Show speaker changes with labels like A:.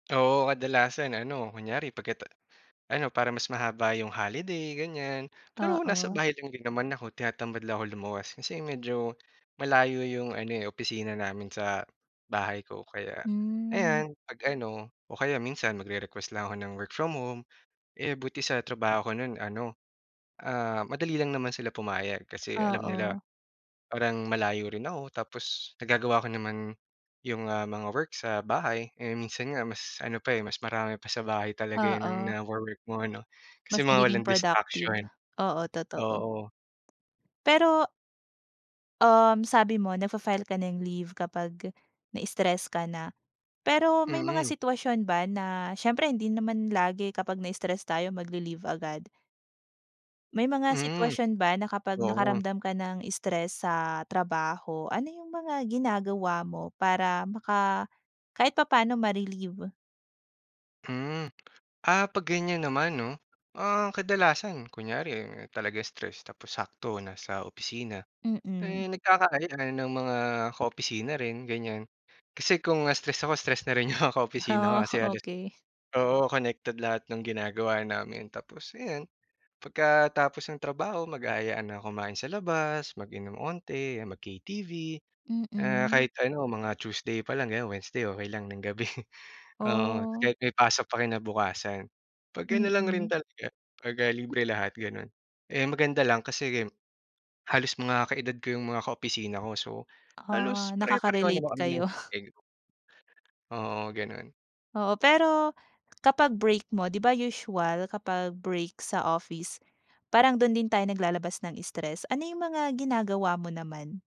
A: Oo, kadalasan ano kunwari pagkata ano para mas mahaba 'yong holiday ganiyan. Pero nasa
B: Oo.
A: bahay lang din naman ako tinatamad lang ako lumuwas kasi medyo malayo 'yong ano, eh, opisina namin sa bahay ko. Kaya
B: Hmm.
A: ayan, 'pag-ano o kaya minsan magre-request lang ako ng work from home, eh, buti sa trabaho ko no'n ano, ah, madali lang naman sila pumayag kasi alam nila
B: Oo.
A: parang malayo rin ako tapos nagagawa ko naman, 'yong, ah, mga work sa bahay, eh, minsan nga mas ano pa, eh, mas marami pa sa bahay talaga 'yong
B: Oo.
A: na na wo-work mo, ano, kasi
B: Mas
A: mga
B: nagiging
A: walang
B: productive.
A: distraction.
B: Oo, totoo.
A: Oo.
B: Pero Um, sabi mo nagfa-file ka na leave kapag na-stress ka na. Pero may mga
A: Mm.
B: sitwasyon ba na siyempre hindi naman lagi kapag na-stress tayo magle-leave agad. May mga
A: Mm,
B: sitwasyon ba na kapag
A: oo.
B: nakaramdam ka ng stress sa trabaho, ano 'yong mga ginagawa mo para maka kahit papa'no ma-relieve?
A: Mm. Ah, 'pag ganiyan naman 'no, ah, kadalasan kunwari talaga stress tapos sakto nasa opisina,
B: Mm.
A: eh, nagkakaayaan ng mga ka-opisina rin, ganiyan. Kasi kung, ah, stress ako stress na rin 'yong mga ka-opisina ko
B: Ah,
A: kasi halos
B: okey.
A: oo, connected lahat nang ginagawa namin. Tapos, ayan, pagkatapos ng trabaho mag-aayaan ng kumain sa labas, mag-inom onti mag-KTV, ah,
B: Mm.
A: kahit ano mga Tuesday pa lang, ganiyan, Wednesday okey lang ng gabi. Oo,
B: Oh.
A: kahit may pasok pa kinabukasan, 'pag ano lang rin
B: Mm.
A: talaga 'pagka libre lahat, gano'n, eh, ang maganda lang kasi game halos mga kaedad ko 'yong mga ka-opisina ko, so halos
B: Ah,
A: pare-pareho
B: nakaka-relate
A: naman kami ng
B: kayo.
A: day off. Oo, gano'n.
B: Oo, pero kapag break mo, 'di ba usual kapag break sa office, parang do'n din tayo naglalabas ng stress. Ano 'yong mga ginagawa mo naman?